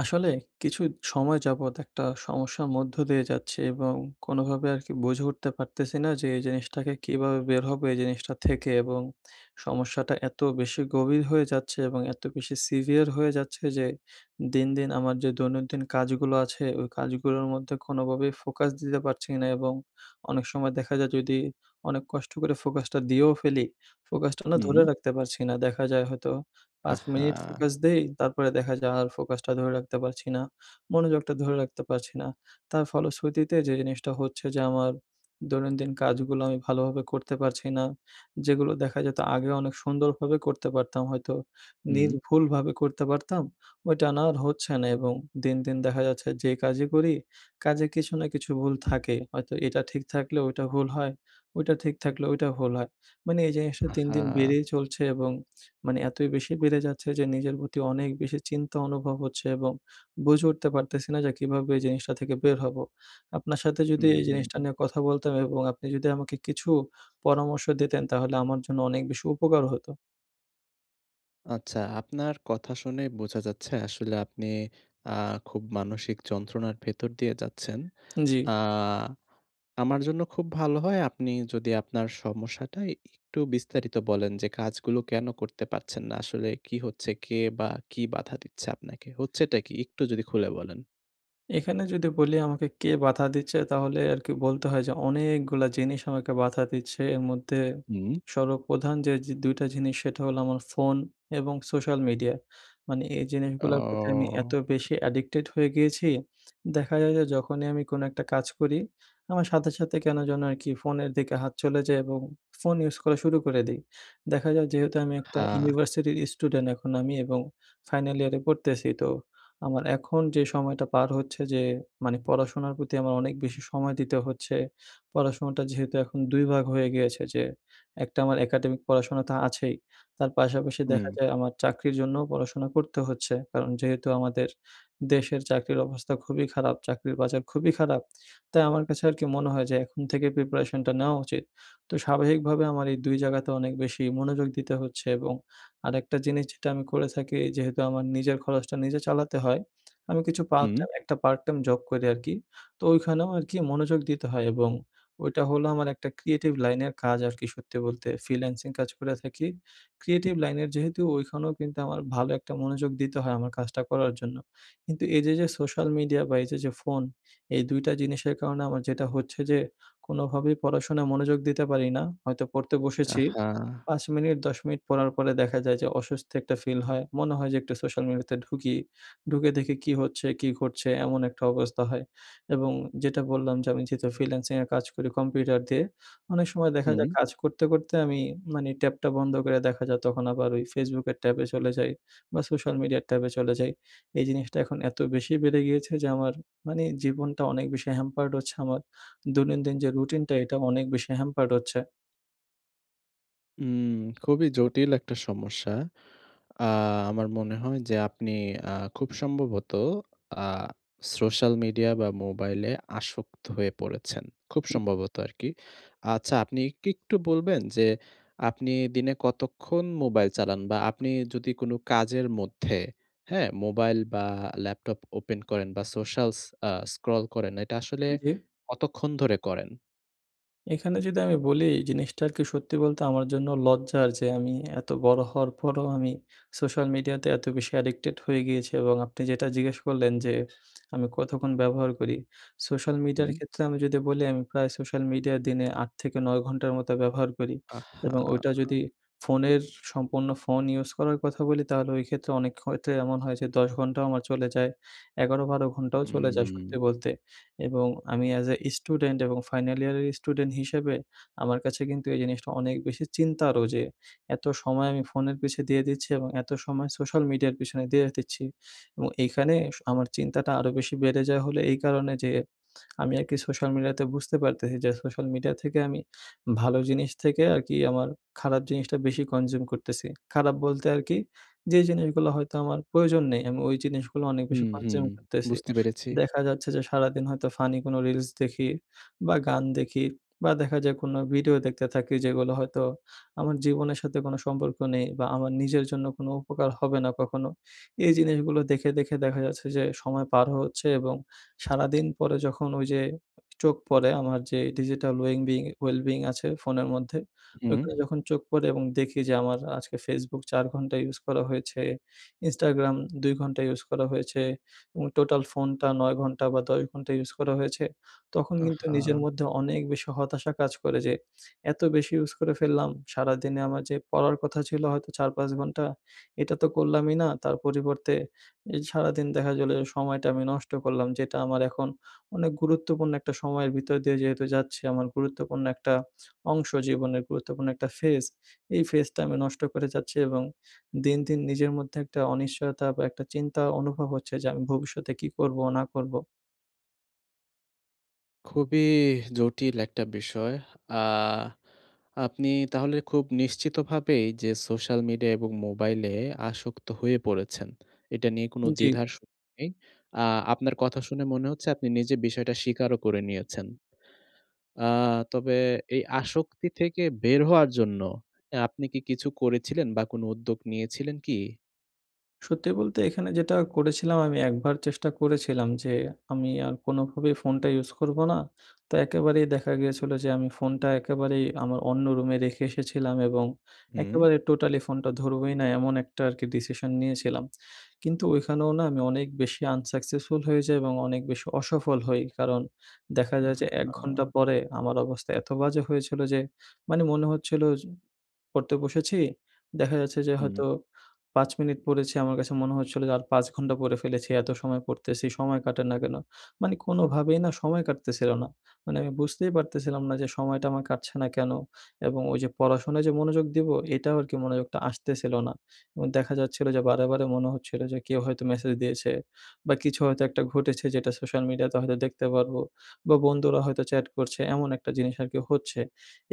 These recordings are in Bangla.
আসলে কিছু সময় যাবৎ একটা সমস্যার মধ্য দিয়ে যাচ্ছি এবং কোনোভাবে আরকি বুঝে উঠতে পারতেছি না যে এই জিনিসটাকে কীভাবে বের হব এই জিনিসটা থেকে। এবং সমস্যাটা এত বেশি গভীর হয়ে যাচ্ছে এবং এত বেশি সিভিয়ার হয়ে যাচ্ছে যে দিন, দিন আমার যে দৈনন্দিন কাজগুলো আছে, ওই কাজগুলোর মধ্যে কোনোভাবেই ফোকাস দিতে পারছি না। এবং অনেক সময় দেখা যায় যদি অনেক কষ্ট করে ফোকাসটা দিয়েও ফেলি, ফোকাসটা না ধরে হুম। রাখতে পারছি না। দেখা যায় হয়তো ৫ আহ্ মিনিট হা! ফোকাস দেই, তারপরে দেখা যায় আর ফোকাসটা ধরে রাখতে পারছি না। মনোযোগটা ধরে রাখতে পারছি না। তার ফলশ্রুতিতে যে জিনিসটা হচ্ছে যে আমার দৈনন্দিন কাজগুলো আমি ভালোভাবে করতে পারছি না। যেগুলো দেখা যেত আগে অনেক সুন্দরভাবে করতে পারতাম হয়তো, হুম। নির্ভুলভাবে করতে পারতাম, ওইটা না আর হচ্ছে না। এবং দিন, দিন দেখা যাচ্ছে যে কাজই করি, কাজে কিছু না কিছু ভুল থাকেই। হয়তো এটা ঠিক থাকলেও ওইটা ভুল হয়, ওইটা ঠিক থাকলও ওইটা ভুল হয়। মানে এই জিনিসটা আহ্ দিন, হা! দিন বেড়েই চলছে এবং মানে এতই বেশি বেড়ে যাচ্ছে যে নিজের প্রতি অনেক বেশি চিন্তা অনুভব হচ্ছে। এবং বুঝে উঠতে পারতেছি না যে কীভাবে জিনিসটা থেকে বের হব? আপনার সাথে যদি হুম, এই হুম, জিনিসটা হু। নিয়ে কথা বলতাম এবং আপনি যদি আমাকে কিছু পরামর্শ দিতেন, তাহলে আমার জন্য অনেক বেশি উপকার হতো। আচ্ছা। আপনার কথা শুনে বোঝা যাচ্ছে আসলে আপনি আ খুব মানসিক যন্ত্রণার ভেতর দিয়ে যাচ্ছেন। জ্বি। আ আমার জন্য খুব ভালো হয় আপনি যদি আপনার সমস্যাটা একটু বিস্তারিত বলেন যে কাজগুলো কেনো করতে পারছেন না, আসলে কি হচ্ছে, কে বা কি বাধা দিচ্ছে আপনাকে? হচ্ছেটা কি? একটু যদি খুলে বলেন। এখানে যদি বলি আমাকে কে বাধা দিচ্ছে তাহলে আরকি বলতে হয় যে অনেকগুলা জিনিস আমাকে বাধা দিচ্ছে। এর মধ্যে উম সর্বপ্রধান যে যে ২ টা জিনিস সেটা হলো আমার ফোন এবং সোশ্যাল মিডিয়া। মানে এই জিনিসগুলার প্রতি আমি এত ও। বেশি অ্যাডিক্টেড হয়ে গিয়েছি, দেখা যায় যে যখনই আমি কোনো একটা কাজ করি, আমার সাথে, সাথে কেন যেন আরকি ফোনের দিকে হাত চলে যায় এবং ফোন ইউজ করা শুরু করে দেই। দেখা যায় যেহেতু আমি একটা হ্যাঁ। ইউনিভার্সিটির স্টুডেন্ট এখন আমি এবং ফাইনাল ইয়ারে পড়তেছি তো আমার এখন যে সময়টা পার হচ্ছে যে মানে পড়াশোনার প্রতি আমার অনেক বেশি সময় দিতে হচ্ছে, পড়াশোনাটা যেহেতু এখন ২ ভাগ হয়ে গিয়েছে যে একটা আমার একাডেমিক পড়াশোনা তো আছেই, তার পাশাপাশি দেখা উম যায় আমার চাকরির জন্যও পড়াশোনা করতে হচ্ছে। কারণ যেহেতু আমাদের দেশের চাকরির অবস্থা খুবই খারাপ, চাকরির বাজার খুবই খারাপ তাই আমার কাছে আরকি মনে হয় যে এখন থেকেই প্রিপারেশনটা নেওয়া উচিত। তো স্বাভাবিকভাবে আমার এই ২ জায়গাতে অনেক বেশি মনোযোগ দিতে হচ্ছে এবং আরেকটা জিনিস যেটা আমি করে থাকি যেহেতু আমার নিজের খরচটা নিজে চালাতে হয়, আমি কিছু পার্ট হুম। টাইম, একটা পার্ট টাইম জব করি আরকি। তো ওইখানেও আরকি মনোযোগ দিতে হয় এবং ওইটা হলো আমার একটা ক্রিয়েটিভ লাইনের কাজ আরকি সত্যি বলতে ফ্রিল্যান্সিং কাজ করে থাকি। ক্রিয়েটিভ লাইনের যেহেতু ওইখানেও কিন্তু আমার ভালো একটা মনোযোগ দিতে হয় আমার কাজটা করার জন্য। কিন্তু এইযে যে সোশ্যাল মিডিয়া বা এইযে যে ফোন, এই ২ টা জিনিসের কারণে আমার যেটা হচ্ছে যে কোনোভাবেই পড়াশোনায় মনোযোগ দিতে পারি না। হয়তো পড়তে বসেছি, আহ্হা! ৫ মিনিট, ১০ মিনিট পড়ার পরে দেখা যায় যে অসস্তি একটা ফিল হয়। মনে হয় যে একটু সোশ্যাল মিডিয়াতে ঢুকি। ঢুকে দেখি কী হচ্ছে, কী ঘটছে এমন একটা অবস্থা হয় এবং যেটা বললাম যে আমি যেহেতু ফ্রিল্যান্সিং এ কাজ করি কম্পিউটার দিয়ে, অনেক সময় দেখা হুম। যায় কাজ করতে, করতে আমি মানে ট্যাবটা বন্ধ করে দেখা যায় তখন আবার ওই Facebook-কের ট্যাবে চলে যাই বা সোশ্যাল মিডিয়ার ট্যাবে চলে যাই। এই জিনিসটা এখন এত বেশি বেড়ে গিয়েছে যে আমার মানি জীবনটা অনেক বেশি হ্যাম্পার্ড হচ্ছে আমার দৈনন্দিন যে রুটিনটা, এটাও অনেক বেশি হ্যাম্পার্ড হচ্ছে। উম খুবই জটিল একটা সমস্যা। আ আমার মনে হয় যে আপনি খুব সম্ভবত আ সোশ্যাল মিডিয়া বা মোবাইলে আসক্ত হয়ে পড়েছেন। খুব সম্ভবত আরকি। আচ্ছা আপনি কি একটু বলবেন যে আপনি দিনে কতক্ষণ মোবাইল চালান বা আপনি যদি কোন কাজের মধ্যে, হ্যাঁ? মোবাইল বা ল্যাপটপ ওপেন করেন বা সোশ্যাল আ স্ক্রল করেন এটা আসলে জী। কতক্ষণ ধরে করেন? এখানে যদি আমি বলি জিনিসটা আরকি সত্যি বলতে আমার জন্য লজ্জা আর যে আমি এত বড় হওয়ার পরও আমি সোশ্যাল মিডিয়াতে এত বেশি অ্যাডিক্টেড হয়ে গিয়েছি, এবং আপনি যেটা জিজ্ঞেস করলেন যে আমি কতক্ষণ ব্যবহার করি সোশ্যাল মিডিয়ার হুম। ক্ষেত্রে আমি যদি বলি আমি প্রায় সোশ্যাল মিডিয়া দিনে ৮ থেকে ৯ ঘন্টার মতো ব্যবহার করি এবং ওইটা আহা! যদি ফোনের সম্পূর্ণ ফোন ইউজ করার কথা বলি, তাহলে ওই ক্ষেত্রে অনেক ক্ষেত্রে এমন হয় যে ১০ ঘণ্টাও আমার চলে যায় ১১-১২ ঘণ্টাও চলে যায় সত্যি হুম। বলতে এবং আমি এজ এ স্টুডেন্ট এবং ফাইনাল ইয়ারের স্টুডেন্ট হিসেবে আমার কাছে কিন্তু এই জিনিসটা অনেক বেশি চিন্তারও যে এত সময় আমি ফোনের পিছে দিয়ে দিচ্ছি, এবং এত সময় সোশ্যাল মিডিয়ার পিছনে দিয়ে দিচ্ছি এবং এইখানে আমার চিন্তাটা আরও বেশি বেড়ে যায় হলে এই কারণে যে আমি আর কি সোশ্যাল মিডিয়াতে বুঝতে পারতেছি যে সোশ্যাল মিডিয়া থেকে আমি ভালো জিনিস থেকে আর কি আমার খারাপ জিনিসটা বেশি কনজিউম করতেছি। খারাপ বলতে আর কি যে জিনিসগুলো হয়তো আমার প্রয়োজন নেই আমি ওই জিনিসগুলো অনেক হু, বেশি হু কনজিউম করতেছি। বুঝতে পেরেছি। দেখা যাচ্ছে যে সারাদিন হয়তো ফানি কোনো রিলস দেখি, বা গান দেখি বা দেখা যায় কোনো ভিডিও দেখতে থাকি যেগুলো হয়তো আমার জীবনের সাথে কোনো সম্পর্ক নেই বা আমার নিজের জন্য কোনো উপকার হবে না কখনো। এই জিনিসগুলো দেখে, দেখে দেখা যাচ্ছে যে সময় পার হচ্ছে এবং সারাদিন পরে যখন ওই যে চোখ পড়ে আমার যে ডিজিটাল ওয়েং বিন ওয়েল বেইং আছে ফোনের মধ্যে হুম। ওইখানে যখন চোখ পড়ে এবং দেখি যে আমার আজকে ফেসবুক ৪ ঘন্টা ইউজ করা হয়েছে, ইনস্টাগ্রাম ২ ঘন্টা ইউজ করা হয়েছে এবং টোটাল ফোনটা ৯ ঘন্টা বা ১০ ঘন্টা ইউজ করা হয়েছে, তখন কিন্তু আহা! নিজের মধ্যে অনেক বেশি হতাশা কাজ করে যে এত বেশি ইউজ করে ফেললাম! সারাদিনে আমার যে পড়ার কথা ছিল হয়তো ৪-৫ ঘন্টা এটা তো করলামই না তার পরিবর্তে এই সারাদিন দেখা গেলে যে সময়টা আমি নষ্ট করলাম যেটা আমার এখন অনেক গুরুত্বপূর্ণ একটা সময়ের ভিতর দিয়ে যেহেতু যাচ্ছি। আমার গুরুত্বপূর্ণ একটা অংশ জীবনের গুরুত্বপূর্ণ একটা ফেজ, এই ফেজটা আমি নষ্ট করে যাচ্ছি এবং দিন, দিন নিজের মধ্যে একটা অনিশ্চয়তা বা একটা চিন্তা অনুভব হচ্ছে যে আমি ভবিষ্যতে কী করব না করব। খুবই জটিল একটা বিষয়। আ আপনি তাহলে খুব নিশ্চিত ভাবেই যে সোশ্যাল মিডিয়া এবং মোবাইলে আসক্ত হয়ে পড়েছেন। এটা নিয়ে কোনো জ্বী। দ্বিধার সুযোগ নেই। আ আপনার কথা শুনে মনে হচ্ছে আপনি নিজে বিষয়টা স্বীকারও করে নিয়েছেন। আ তবে এই আসক্তি থেকে বের হওয়ার জন্য অ্যা আপনি কি কিছু করেছিলেন বা কোন উদ্যোগ নিয়েছিলেন কি? সত্যি বলতে এখানে যেটা করেছিলাম আমি একবার চেষ্টা করেছিলাম, যে আমি আর কোনোভাবেই ফোনটা ইউজ করবো না। তো একেবারেই দেখা গিয়েছিল যে আমি ফোনটা একেবারেই আমার অন্য রুমে রেখে এসেছিলাম। এবং হুম। একেবারে টোটালি ফোনটা ধরবোই না এমন একটা আর কি ডিসিশন নিয়েছিলাম। কিন্তু ওইখানেও না আমি অনেক বেশি আনসাকসেসফুল হয়ে যাই। এবং অনেক বেশি অসফল হই। কারণ দেখা যায় আহ যে এক ঘন্টা হা! পরে আমার অবস্থা এত বাজে হয়েছিল যে, মানে মনে হচ্ছিল পড়তে বসেছি, দেখা যাচ্ছে যে হুম। হয়তো পাঁচ মিনিট পড়েছি। আমার কাছে মনে হচ্ছিলো যে আর পাঁচ ঘন্টা পড়ে ফেলেছি। এত সময় পড়তেছি। সময় কাটে না কেন? মানে কোনভাবেই না সময় কাটতেছিল না। মানে আমি বুঝতেই পারতেছিলাম না যে সময়টা আমার কাটছে না কেন? এবং ওই যে পড়াশোনায় যে মনোযোগ দিবো এটাও আরকি মনোযোগটা আসতেছিল না। এবং দেখা যাচ্ছিল যে বারে, বারে মনে হচ্ছিল যে কেউ হয়তো মেসেজ দিয়েছে। বা কিছু হয়তো একটা ঘটেছে যেটা সোশ্যাল মিডিয়া তে হয়তো দেখতে পারবো। বা বন্ধুরা হয়তো চ্যাট করছে এমন একটা জিনিস আর কি হচ্ছে।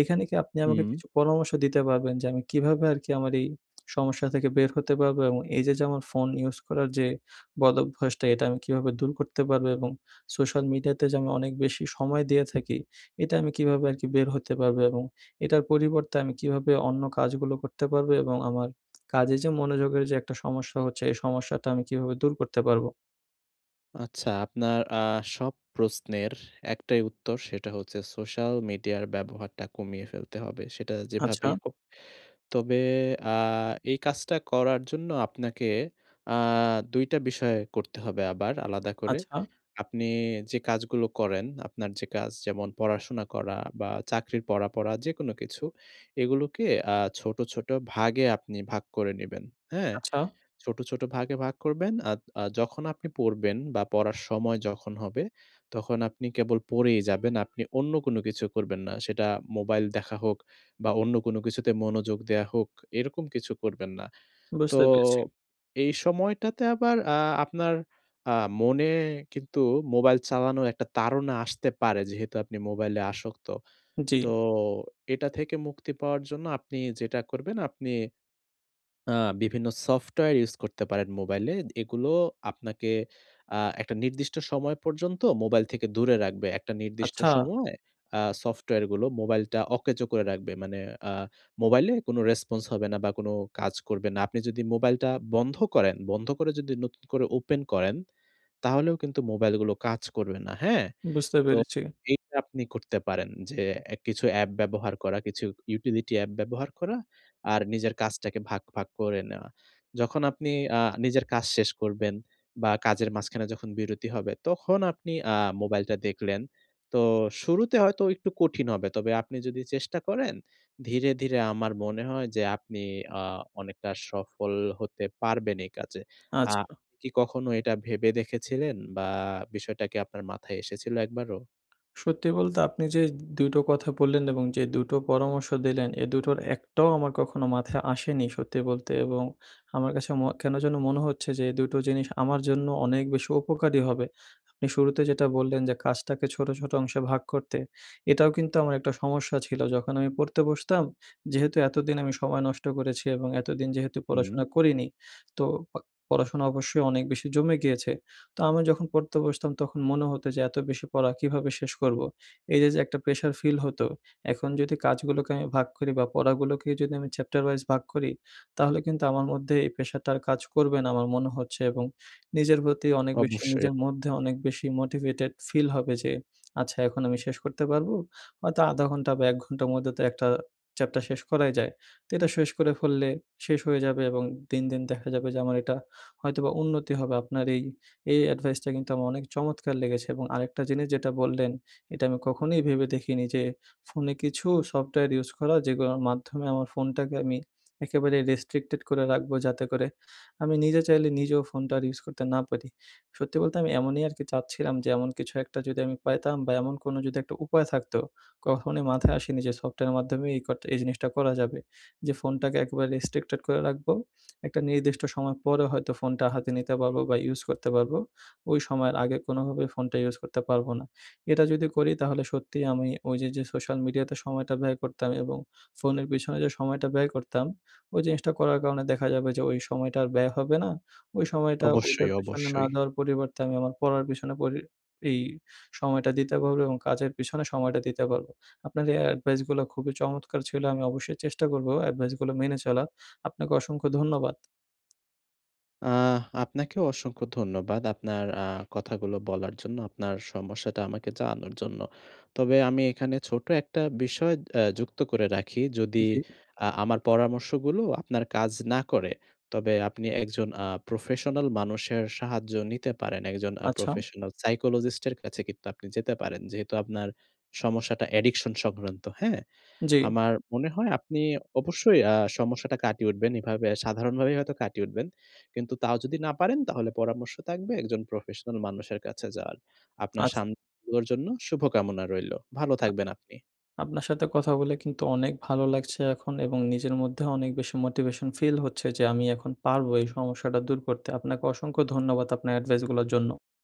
এখানে কি আপনি আমাকে হু। কিছু পরামর্শ দিতে পারবেন, যে আমি কীভাবে আর কি আমার এই সমস্যা থেকে বের হতে পারবো? এবং এই যে যেমন ফোন ইউজ করার যে বদভ্যাসটা এটা আমি কীভাবে দূর করতে পারবো? এবং সোশ্যাল মিডিয়াতে যে আমি অনেক বেশি সময় দিয়ে থাকি এটা আমি কীভাবে আর কি বের হতে পারবো? এবং এটার পরিবর্তে আমি কীভাবে অন্য কাজগুলো করতে পারবো, এবং আমার কাজে যে মনোযোগের যে একটা সমস্যা হচ্ছে এই সমস্যাটা আমি কীভাবে দূর করতে পারবো? আচ্ছা আপনার আ সব প্রশ্নের একটাই উত্তর সেটা হচ্ছে সোশ্যাল মিডিয়ার ব্যবহারটা কমিয়ে ফেলতে হবে। সেটা আচ্ছা। যেভাবেই হোক। তবে আ এই কাজটা করার জন্য আপনাকে আ ২ টা বিষয় করতে হবে আবার আলাদা করে। আচ্ছা। আপনি যে কাজগুলো করেন, আপনার যে কাজ যেমন পড়াশোনা করা বা চাকরির পড়া, পড়া যেকোন কিছু এগুলোকে আ ছোট, ছোট ভাগে আপনি ভাগ করে নিবেন। হ্যাঁ। আচ্ছা। ছোট, ছোট ভাগে ভাগ করবেন। আদ আ যখন আপনি পড়বেন বা পড়ার সময় যখন হবে তখন আপনি কেবল পড়েই যাবেন, আপনি অন্য কোনো কিছু করবেন না। সেটা মোবাইল দেখা হোক বা অন্য কোন কিছুতে মনোযোগ দেয়া হোক এরকম কিছু করবেন না। তো বুঝতে পেরেছি। এই সময়টাতে আবার অ্যা আপনার আ মনে কিন্তু মোবাইল চালানোর একটা তাড়না আসতে পারে যেহেতু আপনি মোবাইলে আসক্ত। জ্বী। তো এটা থেকে মুক্তি পাওয়ার জন্য আপনি যেটা করবেন আপনি আ বিভিন্ন সফটওয়্যার ইউজ করতে পারেন মোবাইলে। এগুলো আপনাকে আ একটা নির্দিষ্ট সময় পর্যন্ত মোবাইল থেকে দূরে রাখবে। একটা নির্দিষ্ট আচ্ছা। সময় আ সফটওয়্যারগুলো মোবাইলটা অকেজো করে রাখবে। মানে আ মোবাইলে কোনো রেসপন্স হবে না বা কোনো কাজ করবে না। আপনি যদি মোবাইলটা বন্ধ করেন বন্ধ করে যদি নতুন করে ওপেন করেন তাহলেও কিন্তু মোবাইলগুলো কাজ করবে না। হ্যাঁ? বুঝতে তো পেরেছি। এইটা আপনি করতে পারেন যে এ কিছু অ্যাপ ব্যবহার করা, কিছু ইউটিলিটি অ্যাপ ব্যবহার করা আর নিজের কাজটাকে ভাগ, ভাগ করে নেওয়া। যখন আপনি আ নিজের কাজ শেষ করবেন বা কাজের মাঝখানে যখন বিরতি হবে তখন আপনি আ মোবাইলটা দেখলেন। তো শুরুতে হয়তো একটু কঠিন হবে। তবে আপনি যদি চেষ্টা করেন ধীরে, ধীরে আমার মনে হয় যে আপনি আ অনেকটা সফল হতে পারবেন এই কাজে। আ আচ্ছা। আপনি কি কখনো এটা ভেবে দেখেছিলেন বা বিষয়টা কি আপনার মাথায় এসেছিল একবারও? সত্যি বলতে আপনি যে ২ টো কথা বললেন এবং যে দুটো পরামর্শ দিলেন, এই দুটোর একটাও আমার কখনো মাথায় আসেনি সত্যি বলতে। এবং আমার কাছে ম কেন যেন মনে হচ্ছে যে এই দুটো জিনিস আমার জন্য অনেক বেশি উপকারী হবে। আপনি শুরুতে যেটা বললেন যে কাজটাকে ছোট, ছোট অংশে ভাগ করতে এটাও কিন্তু আমার একটা সমস্যা ছিল। যখন আমি পড়তে বসতাম, যেহেতু এতদিন আমি সময় নষ্ট করেছি এবং এতদিন যেহেতু হুম। পড়াশোনা করিনি। তো প পড়াশোনা অবশ্যই অনেক বেশি জমে গিয়েছে। তো আমি যখন পড়তে বসতাম তখন মনে হত যে এত বেশি পড়া কীভাবে শেষ করবো। এই যে, যে একটা প্রেশার ফিল হত। এখন যদি কাজগুলোকে আমি ভাগ করি বা পড়াগুলোকে যদি আমি চ্যাপ্টার ভাইস ভাগ করি। তাহলে কিন্তু আমার মধ্যে এই প্রেশার টা কাজ করবে না, আমার মনে হচ্ছে এবং নিজের প্রতি অনেক বেশি, অবশ্যই, অবশ্যই। নিজের মধ্যে অনেক বেশি মোটিভেটেড ফিল হবে। যে আচ্ছা এখন আমি শেষ করতে পারবো হয়তো ১/২ ঘন্টা বা ১ ঘন্টার মধ্যে তো একটা চ্যাপটা শেষ করাই যায়। তো এটা শেষ করে ফেললে শেষ হয়ে যাবে এবং দিন, দিন দেখা যাবে যে আমার এটা হয়তোবা উন্নতি হবে আপনার এই, এই অ্যাডভাইসটা কিন্তু আমার অনেক চমৎকার লেগেছে এবং আরেকটা জিনিস যেটা বললেন। এটা আমি কখনোই ভেবে দেখিনি যে ফোনে কিছু সফটওয়্যার ইউজ করা যেগুলার মাধ্যমে আমার ফোনটাকে আমি একেবারে রেস্ট্রিকটেড করে রাখবো। যাতে করে আমি নিজে চাইলে নিজেও ফোনটা আর ইউজ করতে না পারি। সত্যি বলতে আমি এমনই আরকি চাচ্ছিলাম যে এমন কিছু একটা যদি আমি পাইতাম বা এমন কোনো যদি একটা উপায় থাকতো। কখনোই মাথায় আসেনি যে সফটওয়্যারের মাধ্যমে এই করতে এই জিনিসটা করা যাবে। যে ফোনটাকে একেবারে রেস্ট্রিক্টেড করে রাখবো। একটা নির্দিষ্ট সময় পরে হয়তো ফোনটা হাতে নিতে পারবো বা ইউস করতে পারবো। ওই সময়ের আগে কোনভাবেই ফোনটা ইউস করতে পারবো না। এটা যদি করি তাহলে সত্যি আমি ওই যে, যে সোশ্যাল মিডিয়াতে সময়টা ব্যয় করতাম এবং ফোনের পেছনে যে সময়টা ব্যয় করতাম। ওই জিনিসটা করার কারণে দেখা যাবে যে ওই সময়টা আর ব্যয় হবে না। ওই সময়টা অবশ্যই, ওইটার পেছনে না অবশ্যই। দেওয়ার পরিবর্তে আমি আমার পড়ার পেছনে পরি এই সময়টা দিতে পারবো এবং কাজের পেছনে সময়টা দিতে পারবো। আপনার এ এডভাইস গুলো খুবই চমৎকার ছিল আমি অবশ্যই চেষ্টা করব এডভাইস গুলো মেনে চলার। আপনাকে অসংখ্য ধন্যবাদ। আ আপনাকেও অসংখ্য ধন্যবাদ। আপনার আ কথাগুলো বলার জন্য, আপনার সমস্যাটা আমাকে জানানোর জন্য। তবে আমি এখানে ছোট একটা বিষয় অ্যা যুক্ত করে রাখি। যদি জি। আ আমার পরামর্শগুলো আপনার কাজ না করে, তবে আপনি একজন আ প্রফেশনাল মানুষের সাহায্য নিতে পারেন। একজন আ আচ্ছা। প্রফেশনাল সাইকোলজিস্ট এর কাছে কিন্তু আপনি যেতে পারেন। যেহেতু আপনার সমস্যাটা অ্যাডিকশন সংক্রান্ত। হ্যাঁ? জ্বী। আমার মনে হয় আপনি অবশ্যই আ সমস্যাটা কাটিয়ে উঠবেন। এভাবে সাধারণভাবেই হয়তো কাটিয়ে উঠবেন। কিন্তু তাও যদি না পারেন তাহলে পরামর্শ থাকবে একজন প্রফেশনাল মানুষের কাছে যাওয়ার। আপনার শা আচ্ছা। [unintelligible] জন্য শুভকামনা রইল। ভালো আ থাকবেন আপনি। আপনার সাথে কথা বলে কিন্তু অনেক ভালো লাগছে এখন। এবং নিজের মধ্যে অনেক বেশি মোটিভেশন ফিল হচ্ছে যে আমি এখন পারব এই সমস্যাটা দূর করতে। আপনাকে অসংখ্য ধন্যবাদ আপনার এডভাইস গুলোর জন্য।